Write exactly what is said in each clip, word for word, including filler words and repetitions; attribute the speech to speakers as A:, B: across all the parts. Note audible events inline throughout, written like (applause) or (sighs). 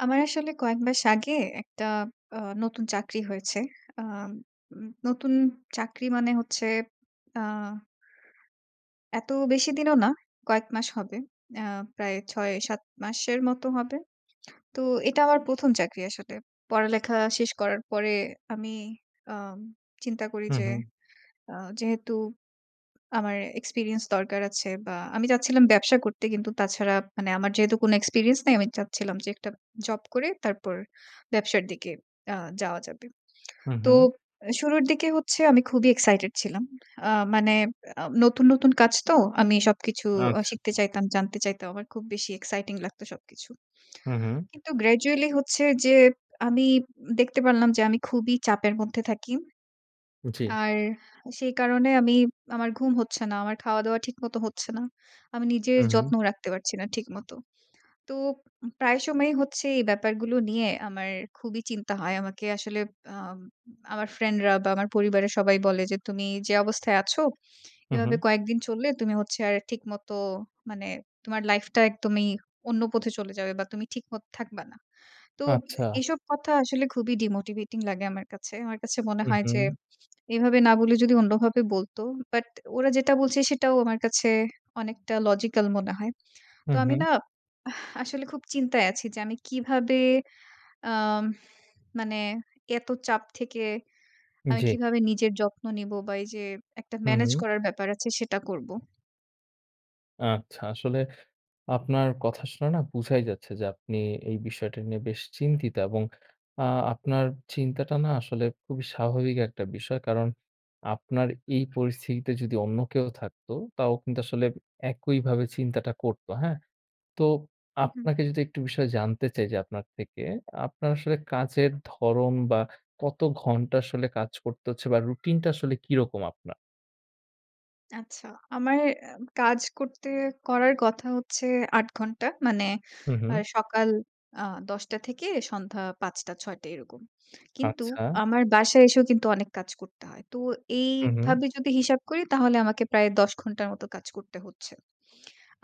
A: আমার আসলে কয়েক মাস আগে একটা আ নতুন চাকরি হয়েছে। আ নতুন চাকরি মানে হচ্ছে আ এত বেশি দিনও না। কয়েক মাস হবে। আ প্রায় ছয় সাত মাসের মতো হবে। তো এটা আমার প্রথম চাকরি আসলে। পড়ালেখা শেষ করার পরে আমি আ চিন্তা করি যে
B: উম-হুম।
A: আ যেহেতু আমার experience দরকার আছে বা আমি চাচ্ছিলাম ব্যবসা করতে কিন্তু তাছাড়া মানে আমার যেহেতু কোনো experience নাই আমি চাচ্ছিলাম যে একটা জব করে তারপর ব্যবসার দিকে আ যাওয়া যাবে। তো
B: উম-হুম।
A: শুরুর দিকে হচ্ছে আমি খুবই excited ছিলাম। আ মানে আ নতুন, নতুন কাজ তো, আমি সবকিছু
B: আচ্ছা।
A: শিখতে চাইতাম, জানতে চাইতাম। আমার খুব বেশি exciting লাগত সবকিছু।
B: উম-হুম।
A: কিন্তু gradually হচ্ছে যে আমি দেখতে পারলাম যে আমি খুবই চাপের মধ্যে থাকি।
B: জ্বি।
A: আর, সেই কারণে আমি আমার ঘুম হচ্ছে না। আমার খাওয়া-দাওয়া ঠিক মতো হচ্ছে না। আমি নিজের
B: উম-হুম।
A: যত্নও রাখতে পারছি না ঠিকমত। তো প্রায় সময়েই হচ্ছে এই ব্যাপারগুলো নিয়ে আমার খুবই চিন্তা হয়। আমাকে আসলে আম আমার ফ্রেন্ডরা বা আমার পরিবারের সবাই বলে যে, "তুমি যে অবস্থায় আছো, এভাবে
B: উম-হুম।
A: কয়েকদিন চললে তুমি হচ্ছে আর ঠিকমতো মানে তোমার লাইফ টা একদমই অন্য পথে চলে যাবে বা তুমি ঠিকমত থাকবা না।" তো
B: আচ্ছা।
A: এসব কথা আসলে খুবই ডিমোটিভেটিং লাগে আমার কাছে। আমার কাছে মনে হয় যে
B: উম-হুম।
A: এভাবে না বলে যদি অন্যভাবে বলতো। বাট ওরা যেটা বলছে সেটাও আমার কাছে অনেকটা logical মনে হয়। তো আমি
B: উম-হুম।
A: না, (sighs) আসলে খুব চিন্তায় আছি যে আমি কিভাবে (inhales) আম মানে এত চাপ থেকে, আমি
B: জ্বি।
A: কিভাবে নিজের যত্ন নিব? বা এই যে একটা ম্যানেজ
B: উম-হুম।
A: করার ব্যাপার আছে সেটা করবো।
B: আচ্ছা, আসলে আপনার কথা শুনে না বোঝাই যাচ্ছে যে আপনি এই বিষয়টা নিয়ে বেশ চিন্তিত এবং আ আপনার চিন্তাটা না আসলে খুবই স্বাভাবিক একটা বিষয়। কারণ আপনার এই পরিস্থিতিতে যদি অন্য কেউ থাকত, তাও কিন্তু আসলে একইভাবে চিন্তাটা করত। হ্যাঁ? তো
A: উম-হুম।
B: আপনাকে যদি একটু বিষয় জানতে চাই যে আপনার থেকে, আপনার আসলে কাজের ধরন বা কত ঘন্টা আসলে কাজ করতে হচ্ছে? বা রুটিন টা আসলে কিরকম আপনার?
A: আচ্ছা। আমার আ কাজ করতে, করার কথা হচ্ছে আট ঘন্টা। মানে আ
B: উম-হুম।
A: সকাল দশ টা থেকে সন্ধ্যা পাঁচ টা, ছয় টা এরকম। কিন্তু
B: আচ্ছা।
A: আমার বাসায় এসেও কিন্তু অনেক কাজ করতে হয়। তো
B: উম-হুম।
A: এইভাবে যদি হিসাব করি তাহলে আমাকে প্রায় দশ ঘন্টার মতো কাজ করতে হচ্ছে।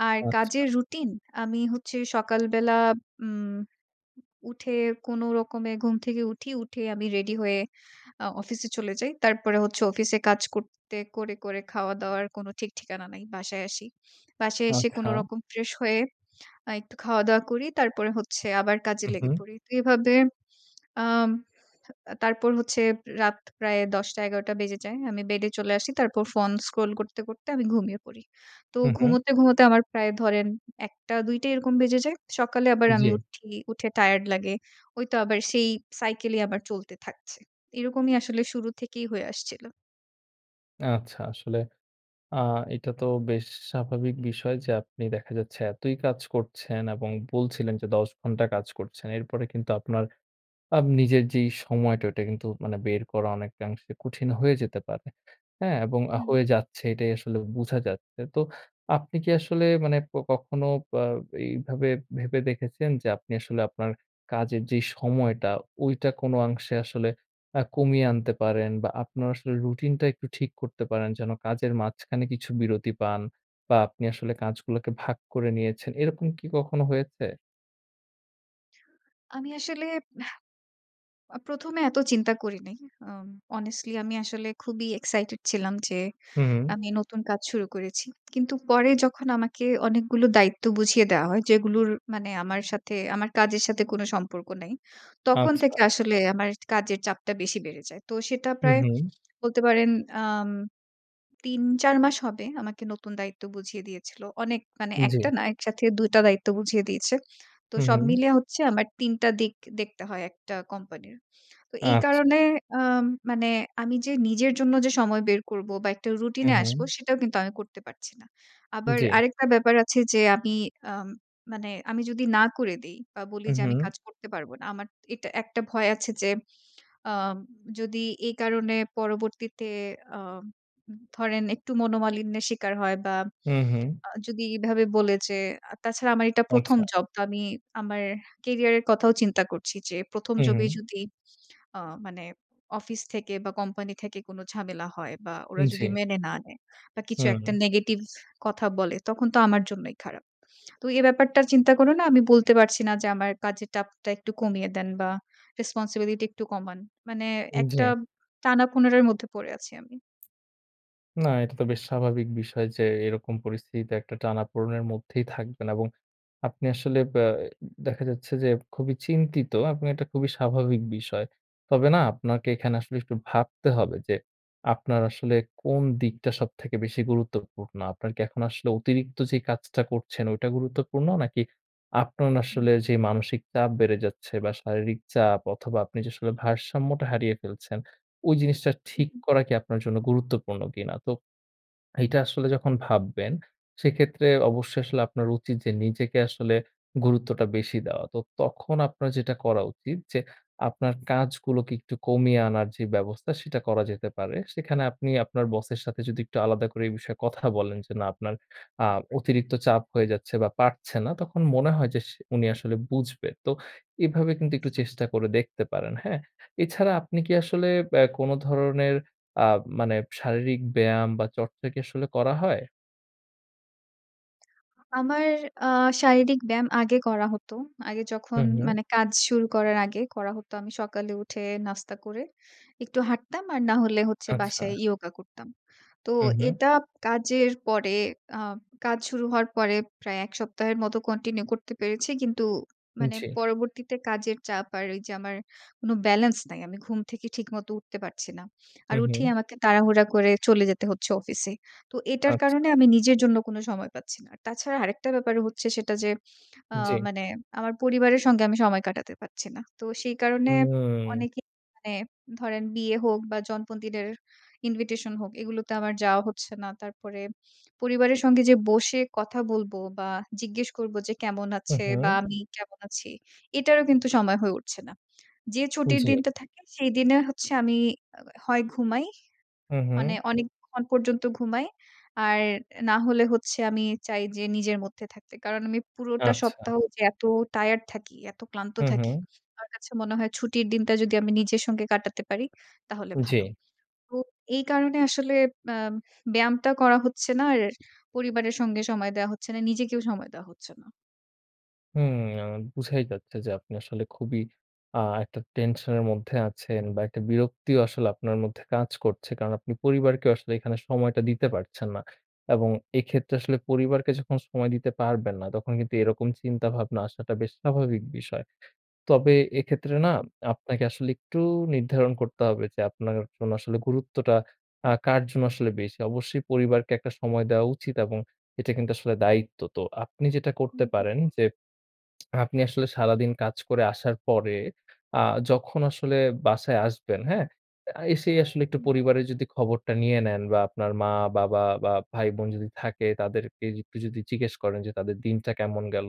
A: আর
B: আচ্ছা।
A: কাজের রুটিন, আমি হচ্ছে সকালবেলা উম উঠে কোনরকমে ঘুম থেকে উঠি, উঠে আমি রেডি হয়ে আ অফিসে চলে যাই। তারপরে হচ্ছে অফিসে কাজ করতে করে, করে খাওয়া দাওয়ার কোনো ঠিক ঠিকানা নাই। বাসায় আসি। বাসায় এসে কোনো
B: আচ্ছা।
A: রকম ফ্রেশ হয়ে আ একটু খাওয়াদাওয়া করি তারপরে হচ্ছে আবার কাজে লেগে
B: উম-হুম।
A: পড়ি। তো এভাবে, আম তারপর হচ্ছে রাত প্রায় দশ টা, এগারো টা বেজে যায় আমি বেডে চলে আসি তারপর phone scroll করতে, করতে আমি ঘুমিয়ে পড়ি। তো
B: হুম, হুম।
A: ঘুমোতে, ঘুমোতে আমার প্রায় ধরেন এক টা, দুই টা এরকম বেজে যায়। সকালে আবার আমি
B: জি।
A: উঠি, উঠে টায়ারড লাগে ওই তো আবার সেই cycle এই আবার চলতে থাকছে। এরকমই আসলে শুরু থেকেই হয়ে আসছিলো।
B: আচ্ছা, আসলে আ এটা তো বেশ স্বাভাবিক বিষয় যে, আপনি দেখা যাচ্ছে এতই কাজ করছেন এবং বলছিলেন যে দশ ঘন্টা কাজ করছেন। এরপরে কিন্তু আপনার আম নিজের যেই সময়টা ঐটা কিন্তু মানে বের করা অনেকাংশে কঠিন হয়ে যেতে পারে, হ্যাঁ? এবং
A: হু, হু।
B: হয়ে যাচ্ছে এটাই আসলে বোঝা যাচ্ছে। তো আপনি কি আসলে মানে ক কখনো বা এইভাবে ভেবে দেখেছেন যে আপনি আসলে আপনার কাজের যে সময়টা ঐটা কোন অংশে আসলে আ কমিয়ে আনতে পারেন বা আপনার আসলে রুটিনটা একটু ঠিক করতে পারেন যেন কাজের মাঝখানে কিছু বিরতি পান? বা আপনি আসলে কাজগুলাকে ভাগ করে নিয়েছেন। এরকম কি কখনো হয়েছে?
A: আমি আসলে এহ অ প্রথমে এত চিন্তা করি নাই। আম honestly আমি আসলে খুবই excited ছিলাম যে
B: হু, হু।
A: আমি নতুন কাজ শুরু করেছি। কিন্তু পরে যখন আমাকে অনেকগুলো দায়িত্ব বুঝিয়ে দেওয়া হয় যেগুলোর মানে আমার সাথে, আমার কাজের সাথে কোন সম্পর্ক নাই। তখন
B: আচ্ছা।
A: থেকে আসলে আমার এট কাজের চাপটা বেশি বেড়ে যায়। তো সেটা প্রায়
B: হু-হুম।
A: বলতে পারেন আম তিন চার মাস হবে। আমাকে নতুন দায়িত্ব বুঝিয়ে দিয়েছিল। অনেক মানে, এক টা
B: জ্বি।
A: না একসাথে দুই টা দায়িত্ব বুঝিয়ে দিয়েছে। তো সব
B: হু-হুম।
A: মিলে হচ্ছে আমার তিন টা দিক দেখতে হয় একটা কোম্পানির। তো এই
B: আচ্ছা।
A: কারণে আম মানে আমি যে নিজের জন্য যে সময় বের করব বা একটা রুটিনে আসব
B: উম-হুম।
A: সেটাও কিন্তু আমি করতে পারছি না। আবার
B: জ্বি।
A: আরেকটা ব্যাপার আছে যে আমি আম মানে আমি যদি না করে দেই বা বলি যে আমি
B: উম-হুম।
A: কাজ করতে পারব না। আমার এটা একটা ভয় আছে যে আম যদি এই কারণে পরবর্তীতে আম ধরেন একটু মনোমালিন্যের শিকার হয় বা
B: হুম, হুম।
A: আ যদি এভাবে বলে যে আ তাছাড়া আমার এটা প্রথম
B: আচ্ছা।
A: জব। তো আমি আমার career এর কথাও চিন্তা করছি যে প্রথম job এই
B: হু-হুম।
A: যদি আ মানে অফিস থেকে বা কোম্পানি থেকে কোন ঝামেলা হয় বা
B: উ
A: ওরা
B: জ্বি।
A: যদি মেনে না নেয় বা কিছু একটা
B: হুম।
A: negative কথা বলে তখন তো আমার জন্যই খারাপ। তো এ ব্যাপারটার চিন্তা করেও না আমি বলতে পারছি না যে, "আমার কাজের টাপটা একটু কমিয়ে দেন বা responsibility একটু কমান।" মানে একটা
B: জ্বি।
A: পনেরের মধ্যে পড়ে আছি আমি।
B: না, এটা তো বেশ স্বাভাবিক বিষয় যে এইরকম পরিস্থিতিতে একটা টানাপোড়নের মধ্যেই থাকবেন এবং আপনি আসলে ব্যা দেখা যাচ্ছে যে খুবই চিন্তিত আপনি এটা খুবই স্বাভাবিক বিষয়। তবে না আপনাকে এখানে আসলে একটু ভাবতে হবে যে, আপনার আসলে কোন দিকটা সবথেকে বেশি গুরুত্বপূর্ণ? আপনার কি এখন আসলে অতিরিক্ত যে কাজটা করছেন ওইটা গুরুত্বপূর্ণ নাকি, আপনান
A: হুম।
B: আসলে যে মানসিক চাপ বেড়ে যাচ্ছে বা শারীরিক চাপ অথবা আপনি আসলে ভারসাম্যটা হারিয়ে ফেলছেন, ওই জিনিসটা ঠিক
A: উম-হুম।
B: করা কি আপনার জন্য গুরুত্বপূর্ণ কিনা? তো এইটা আসলে যখন ভাববেন সেক্ষেত্রে অবশ্যই আসলে আপনার উচিত যে নিজেকে আসলে গুরুত্বটা বেশি দেওয়া। তো তখন আপনার যেটা করা উচিত যে আপনার কাজগুলোকে একটু কমিয়ে আনার যে ব্যবস্থা সেটা করা যেতে পারে। সেখানে আপনি আপনার বসের সাথে যদি একটু আলাদা করে এই বিষয়ে কথা বলেন যে না আপনার আ অতিরিক্ত চাপ হয়ে যাচ্ছে বা পারছে না, তখন মনে হয় যে সে উনি আসলে বুঝবে। তো এভাবে কিন্তু একটু চেষ্টা করে দেখতে পারেন, হ্যাঁ? এছাড়া আপনি কি আসলে ব্যা কোন ধরনের আ মানে শারীরিক ব্যায়াম বা চর্চা কি আসলে করা হয়?
A: (smacks lips) আমার আ শারীরিক ব্যায়াম আগে করা হত। আগে যখন
B: হুম, হুম।
A: মানে কাজ শুরু করার আগে করা হতো আমি সকালে উঠে, নাস্তা করে একটু হাঁটতাম, আর না হলে হচ্ছে বাসায়
B: আচ্ছা।
A: yoga করতাম। তো
B: উম-হুম।
A: এটা কাজের পরে আ কাজ শুরু হওয়ার পরে প্রায় এক সপ্তাহের মতো continue করতে পেরেছি। কিন্তু মানে
B: জ্বি।
A: পরবর্তীতে কাজের চাপ আর ওই যে আমার কোনো balance নাই। আমি ঘুম থেকে ঠিকমত উঠতে পারছি না। আর উঠেই
B: উম-হুম।
A: আমাকে তাড়াহুড়া করে চলে যেতে হচ্ছে অফিসে। তো এটার কারণে
B: আচ্ছা।
A: আমি নিজের জন্য কোন সময় পাচ্ছি না। তাছাড়া আরেকটা ব্যাপার হচ্ছে সেটা যে, আ
B: জ্বি।
A: মানে আমার পরিবারের সঙ্গে আমি সময় কাটাতে পারছি না। তো সেই কারণে
B: হুম।
A: অনেকেই মানে ধরেন বিয়ে হোক বা জন্মদিনের invitation হোক এগুলোতে আমার যাওয়া হচ্ছে না। তারপরে, পরিবারের সঙ্গে যে বসে কথা বলব বা জিজ্ঞেস করব যে কেমন আছে? বা
B: উম-হুম।
A: আমি কেমন আছি? এটারও কিন্তু সময় হয়ে উঠছে না। যে ছুটির
B: জ্বি।
A: দিনটা থাকে সেই দিনে হচ্ছে আমি হ হয় ঘুমাই। মানে
B: উম-হুম।
A: অনেকক্ষণ পর্যন্ত ঘুমাই। আর, না হলে হচ্ছে আমি চাই যে নিজের মধ্যে থাকতে। কারণ আমি পুরোটা
B: আচ্ছা।
A: সপ্তাহ যে এত টায়ারড থাকি, এত ক্লান্ত থাকি,
B: উম-হুম।
A: আমার কাছে মনে হয় ছুটির দিনটা যদি আমি নিজের সঙ্গে কাটাতে পারি তাহলে ভালো।
B: জ্বি।
A: তো এই কারণে আসলে আ ব্যায়ামটা করা হচ্ছে না আর পরিবারের সঙ্গে সময় দেয়া হচ্ছে না। নিজেকেও সময় দেওয়া হচ্ছে না।
B: হুম। আ বুঝাই যাচ্ছে যে আপনি আসলে খুবই আ একটা টেনশন এর মধ্যে আছেন বা একটা বিরক্তিও আসলে আপনার মধ্যে কাজ করছে। কারণ আপনি পরিবারকে আসলে এখানে সময়টা দিতে পারছেন না। এবং এইক্ষেত্রে আসলে পরিবারকে যখন সময় দিতে পারবেন না তখন কিন্তু এরকম চিন্তা ভাবনা আসাটা বেশ স্বাভাবিক বিষয়। তবে এক্ষেত্রে না
A: উ।
B: আপনাকে আসলে একটু নির্ধারণ করতে হবে যে আপনার জন্য আসলে গুরুত্বটা আ কার জন্য আসলে বেশি। অবশ্যই পরিবারকে একটা সময় দেওয়া উচিত এবং এটা কিন্তু আসলে দায়িত্ব। তো আপনি যেটা
A: হু,
B: করতে
A: হু।
B: পারেন যে (smacks lips) আপনি আসলে সারাদিন কাজ করে আসার পরে আ যখন আসলে বাসায় আসবেন, হ্যাঁ? আ এসেই আসলে একটু
A: হুম।
B: পরিবারের যদি খবরটা নিয়ে নেন, বা আপনার মা-বাবা বা ভাই-বোন যদি থাকে তাদেরকে একটু যদি জিজ্ঞেস করেন যে তাদের দিনটা কেমন গেল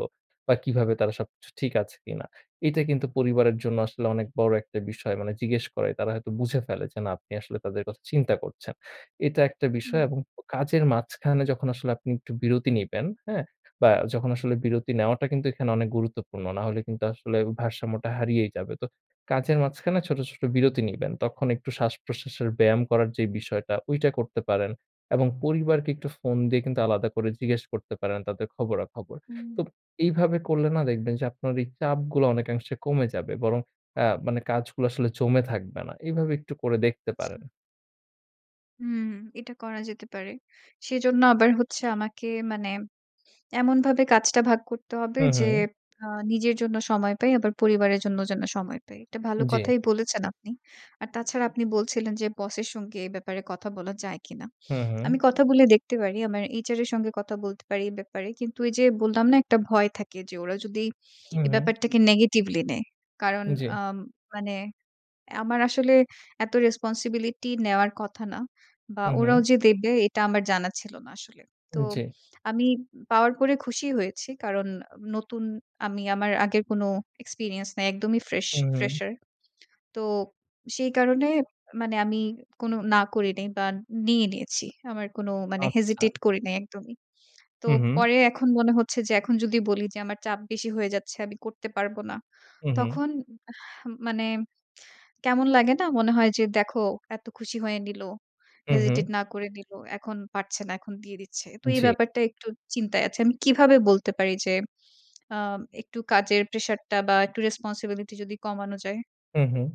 B: বা কিভাবে তারা সবকিছু ঠিক আছে কিনা। এইটা কিন্তু পরিবারের জন্য আসলে অনেক বড় একটা বিষয়। মানে জিজ্ঞেস করে, তারা হয়তো বুঝে ফেলে যে না আপনি আসলে তাদের কথা চিন্তা করছেন। (inhales) এইটা একটা বিষয়
A: হুম।
B: এবং ও কাজের মাঝখানে যখন আসলে আপনি একটু বিরতি নিবেন, হ্যাঁ? বা যখন আসলে বিরতি নেওয়াটা কিন্তু এখানে অনেক গুরুত্বপূর্ণ। নাহলে কিন্তু আসলে ও ভারসাম্যটা হারিয়েই যাবে। তো কাজের মাঝখানে ছোট-ছোট বিরতি নিবেন। তখন একটু শ্বাসপ্রশ্বাসের ব্যায়াম করার যে বিষয়টা ওইটা করতে পারেন। এবং পরিবারকে একটু ফোন দিয়ে কিন্তু আলাদা করে জিজ্ঞেস করতে পারেন তাদের খবরাখবর।
A: হুম।
B: তো এইভাবে করলে না দেখবেন যে আপনার এই চাপগুলো অনেকাংশে কমে যাবে। বরং আ মানে কাজগুলো আসলে জমে থাকবে না। এইভাবে একটু করে দেখতে
A: আচ্ছা।
B: পারেন।
A: হুম, এটা করা যেতে পারে। সেজন্য আবার হচ্ছে আমাকে মানে এমনভাবে কাজটা ভাগ করতে হবে যে
B: উম-হুম।
A: আ নিজের জন্য সময় পাই আবার পরিবারের জন্য যেন সময় পাই। এটা ভালো
B: জ্বি।
A: কথাই বলেছেন আপনি। আর তাছাড়া আপনি বলছিলেন যে, বস এর সঙ্গে এ ব্যাপারে কথা বলা যায় কিনা?
B: হুম, হুম।
A: আমি কথা বলে দেখতে পারি। আমার HR এর সঙ্গে কথা বলতে পারি এই ব্যাপারে। কিন্তু এই যে বললাম না? একটা ভয় থাকে যে ওরা যদি এ
B: উম-হুম।
A: ব্যাপারটাকে negatively নেয়। কারণ
B: জ্বি।
A: আম মানে আমার আসলে এত responsibility নেওয়ার কথা না। বা
B: উম-হুম।
A: ওরাও যে দেবে এটা আমার জানা ছিল না আসলে। তো
B: জ্বি।
A: আমি পাওয়ার পরে খুশি হয়েছি। কারণ নতুন আমি আমার আগের কোন experience নাই। একদমই ফ্রেশ
B: উম-হুম।
A: fresher তো, সেই কারণে মানে আমি কোন না করি নাই বা নিয়ে নিয়েছি। আমার কোন মানে
B: আচ্ছা।
A: hesitate করি নাই একদমই। তো
B: উম-হুম।
A: পরে এখন মনে হচ্ছে যে এখন যদি বলি যে আমার চাপ বেশি হয়ে যাচ্ছে আমি করতে পারব না।
B: উম-হুম।
A: তখন আহ মানে কেমন লাগে না? মনে হয় যে, "দেখো এত খুশি হয়ে নিল।
B: উম-হুম।
A: hesitate না করে নিল। এখন পারছে না, এখন দিয়ে দিচ্ছে।" তো এই
B: জ্বি।
A: ব্যাপারটা একটু চিন্তায় আছি। আমি কিভাবে বলতে পারি যে আম একটু কাজের প্রেশার টা বা একটু রেসপন্সিবিলিটি যদি কমানো যায়?
B: হুম, হুম।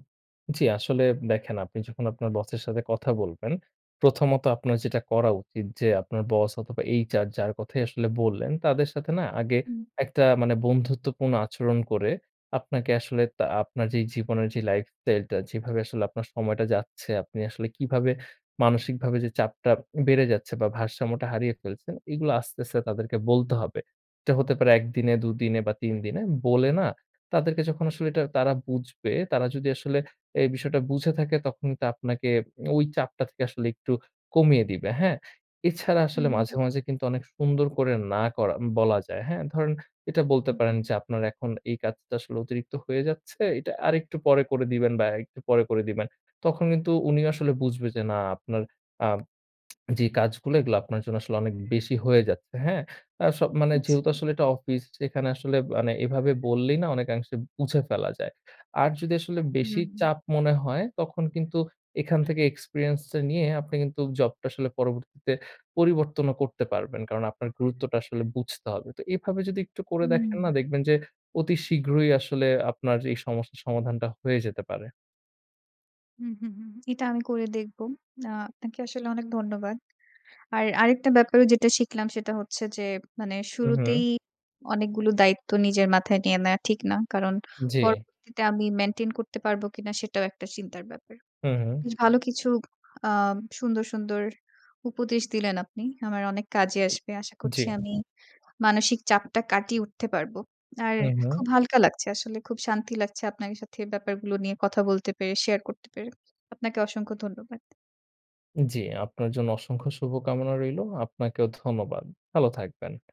B: জী আসলে দেখেন আপনি যখন আপনার বসের সাথে কথা বলবেন, প্রথমত আপনার যেটা করা উচিত যে আপনার বস অথবা HR যার কথাই আসলে বললেন, তাদের সাথে না আগে
A: হুম।
B: একটা মানে বন্ধুত্বপূর্ণ আচরণ করে, আপনাকে আসলে তা আপনার যে জীবনের যে lifestyle টা যেভাবে আসলে আপনার সময়টা যাচ্ছে, আপনি আসলে কিভাবে মানসিকভাবে যে চাপটা বেড়ে যাচ্ছে? বা ভারসাম্যটা হারিয়ে ফেলছেন? এগুলো আস্তে, আস্তে তাদেরকে বলতে হবে। এটা হতে পারে এক দিনে দুই দিনে বা তিন দিনে, বলে না, তাদেরকে যখন আসলে এটা তারা বুঝবে তারা যদি আসলে এই বিষয়টা বুঝে থাকে তখন কিন্তু আপনাকে ওই চাপটা থেকে আসলে একটু কমিয়ে দিবে, হ্যাঁ? এছাড়া আসলে মাঝে,
A: হুম।
B: মাঝে অনেক সুন্দর করে না করা বলা যায়, হ্যাঁ? ধরেন এটা বলতে পারেন
A: হুম।
B: যে আপনার এখন এই কাজটা আসলে অতিরিক্ত হয়ে যাচ্ছে। এটা আরেকটু পরে করে দিবেন বা একটু পরে করে দিবেন। তখন কিন্তু উনি আসলে বুঝবে যে না আপনার আ (smacks lips) যে কাজগুলো এগুলো আপনার জন্য আসলে অনেক বেশি হয়ে যাচ্ছে। হ্যাঁ? আস মানে
A: আচ্ছা।
B: যেহেতু আসলে এটা অফিস এখানে আসলে মানে এভাবে বললেই না অনেকাংশে বুঝে ফেলা যায়। আর যদি আসলে
A: হুম,
B: বেশি
A: হুম।
B: চাপ মনে হয়, তখন কিন্তু এখান থেকে experience টা নিয়ে আপনি কিন্তু জব টা আসলে পরবর্তীতে পরিবর্তন ও করতে পারবেন। কারণ আপনার গুরুত্বটা আসলে বুঝতে হবে। তো এভাবে যদি একটু করে দেখেন না,
A: হুম।
B: দেখবেন যে অতি শীঘ্রই আসলে আপনার এই সমস্যার সমাধানটা হয়ে যেতে পারে।
A: হুম, হুম, হুম। এটা আমি করে দেখব। আ আপনাকে আসলে অনেক ধন্যবাদ। আর আরেকটা ব্যাপারেও যেটা শিখলাম সেটা হচ্ছে যে মানে শুরুতেই
B: উম-হুম।
A: অনেকগুলো দায়িত্ব নিজের মাথায় নিয়ে নেওয়া ঠিক না। কারণ
B: জি।
A: পরবর্তীতে আমি মেইনটেইন করতে পারব কিনা? সেটাও একটা চিন্তার ব্যাপার।
B: হু, হুম।
A: বেশ ভালো কিছু আ সুন্দর সুন্দর উপদেশ দিলেন আপনি। আমার অনেক কাজে আসবে। আশা
B: জ্বি।
A: করছি আমি মানসিক চাপটা কাটিয়ে উঠতে পারব। আর খুব
B: উম-হুম।
A: হালকা লাগছে আসলে, খুব শান্তি লাগছে আপনার সাথে এই ব্যাপারগুলো নিয়ে কথা বলতে পেরে, শেয়ার করতে পেরে। আপনাকে অসংখ্য ধন্যবাদ।
B: জি। আপনার জন্য অসংখ্য শুভকামনা রইলো। আপনাকেও ধন্যবাদ। ভালো থাকবেন।